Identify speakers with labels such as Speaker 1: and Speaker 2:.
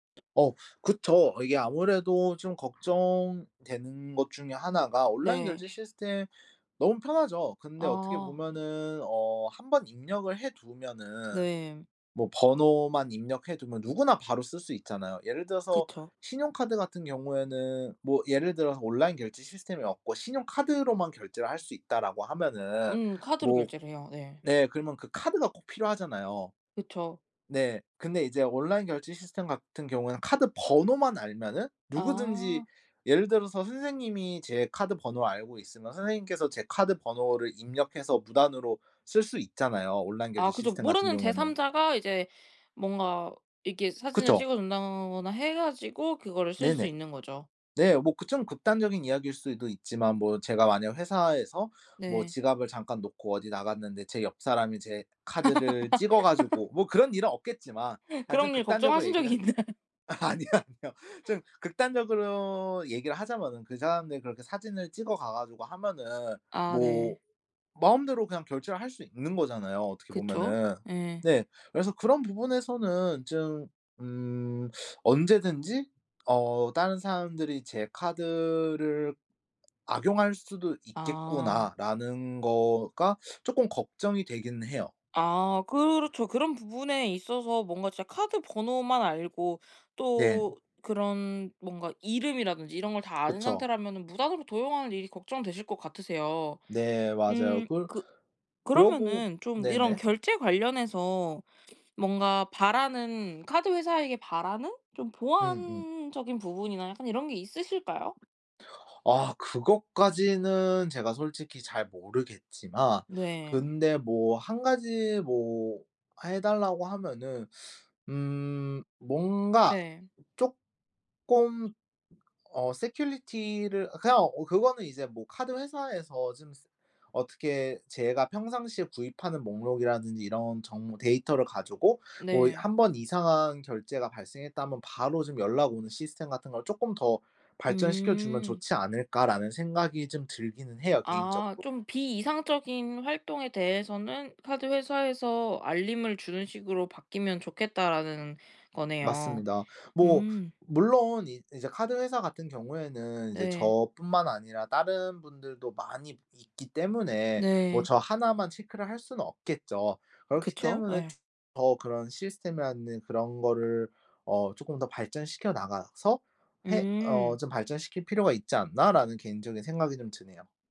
Speaker 1: 어 그쵸. 이게 아무래도 좀 걱정되는 것 중에 1 가 온라인
Speaker 2: 네.
Speaker 1: 결제 시스템 너무 편하죠. 근데 어떻게
Speaker 2: 아.
Speaker 1: 보면은 어 1 번 입력을 해 두면은
Speaker 2: 네.
Speaker 1: 뭐 번호만 입력해 두면 누구나 바로 쓸 수 있잖아요. 예를 들어서
Speaker 2: 그쵸.
Speaker 1: 신용카드 같은 경우에는 뭐 예를 들어서 온라인 결제 시스템이 없고 신용카드로만 결제를 할 수 있다라고 하면은
Speaker 2: 음 카드로
Speaker 1: 뭐
Speaker 2: 결제를 해요. 네.
Speaker 1: 네. 그러면 그 카드가 꼭 필요하잖아요.
Speaker 2: 그쵸.
Speaker 1: 네. 근데 이제 온라인 결제 시스템 같은 경우에는 카드 번호만 알면은 누구든지
Speaker 2: 아.
Speaker 1: 예를 들어서 선생님이 제 카드 번호 알고 있으면 선생님께서 제 카드 번호를 입력해서 무단으로 쓸 수 있잖아요. 온라인 결제
Speaker 2: 아 그죠.
Speaker 1: 시스템 같은
Speaker 2: 모르는
Speaker 1: 경우에는.
Speaker 2: 제삼자가 이제 뭔가 이게 사진을
Speaker 1: 그쵸.
Speaker 2: 찍어 준다거나 해 가지고 그거를 쓸 수
Speaker 1: 네네.
Speaker 2: 있는 거죠.
Speaker 1: 네 뭐 그 좀 극단적인 이야기일 수도 있지만 뭐 제가 만약 회사에서 뭐
Speaker 2: 네.
Speaker 1: 지갑을 잠깐 놓고 어디 나갔는데 제 옆 사람이 제 카드를 찍어 가지고 뭐 그런 일은 없겠지만 아 좀
Speaker 2: 그런 일
Speaker 1: 극단적으로
Speaker 2: 걱정하신 적이
Speaker 1: 얘기를
Speaker 2: 있나요?
Speaker 1: 아니요 아니요. 좀 극단적으로 얘기를 하자면은 그 사람들이 그렇게 사진을 찍어 가 가지고 하면은
Speaker 2: 아
Speaker 1: 뭐
Speaker 2: 네.
Speaker 1: 마음대로 그냥 결제를 할 수 있는 거잖아요. 어떻게
Speaker 2: 그쵸.
Speaker 1: 보면은.
Speaker 2: 예.
Speaker 1: 네. 그래서 그런 부분에서는 좀 음 '언제든지 어 다른 사람들이 제 카드를 악용할 수도
Speaker 2: 아.
Speaker 1: 있겠구나.'라는 거가 조금 걱정이 되긴 해요.
Speaker 2: 아 그렇죠. 그런 부분에 있어서 뭔가 진짜 카드 번호만 알고
Speaker 1: 네.
Speaker 2: 또 그런 뭔가 이름이라든지 이런 걸 다 아는
Speaker 1: 그쵸.
Speaker 2: 상태라면은 무단으로 도용하는 일이 걱정되실 거 같으세요.
Speaker 1: 네 맞아요.
Speaker 2: 음
Speaker 1: 그
Speaker 2: 그
Speaker 1: 그러고
Speaker 2: 그러면은 좀 이런
Speaker 1: 네네.
Speaker 2: 결제 관련해서 뭔가 바라는 카드 회사에게 바라는 좀
Speaker 1: 음음.
Speaker 2: 보안적인 부분이나 약간 이런 게 있으실까요?
Speaker 1: 아 그것까지는 제가 솔직히 잘 모르겠지만
Speaker 2: 네.
Speaker 1: 근데 뭐 1 가지 뭐 해 달라고 하면은 음 뭔가
Speaker 2: 네.
Speaker 1: 쪼끔 어 security 를 그냥 어 그거는 이제 뭐 '카드 회사에서 좀 어떻게 제가 평상시에 구입하는 목록이라든지 이런 정보 데이터를 가지고 뭐
Speaker 2: 네.
Speaker 1: 1 번 이상한 결제가 발생했다면 바로 좀 연락 오는 시스템 같은 걸 조금 더 발전시켜 주면
Speaker 2: 음.
Speaker 1: 좋지 않을까.'라는 생각이 좀 들기는 해요.
Speaker 2: 아
Speaker 1: 개인적으로.
Speaker 2: 좀 '비 이상적인 활동에 대해서는 카드 회사에서 알림을 주는 식으로 바뀌면 좋겠다.'라는 거네요.
Speaker 1: 맞습니다. 뭐
Speaker 2: 음.
Speaker 1: 물론 이 이제 카드 회사 같은 경우에는 이제
Speaker 2: 네.
Speaker 1: 저뿐만 아니라 다른 분들도 많이 있기 때문에 뭐
Speaker 2: 네.
Speaker 1: 저 1 만 체크를 할 수는 없겠죠. 그렇기
Speaker 2: 그쵸.
Speaker 1: 때문에
Speaker 2: 예.
Speaker 1: 더 '그런 시스템이라는 그런 거를 어 조금 더 발전시켜 나가서 해 어
Speaker 2: 음.
Speaker 1: 좀 발전시킬 필요가 있지 않나.'라는 개인적인 생각이 좀 드네요.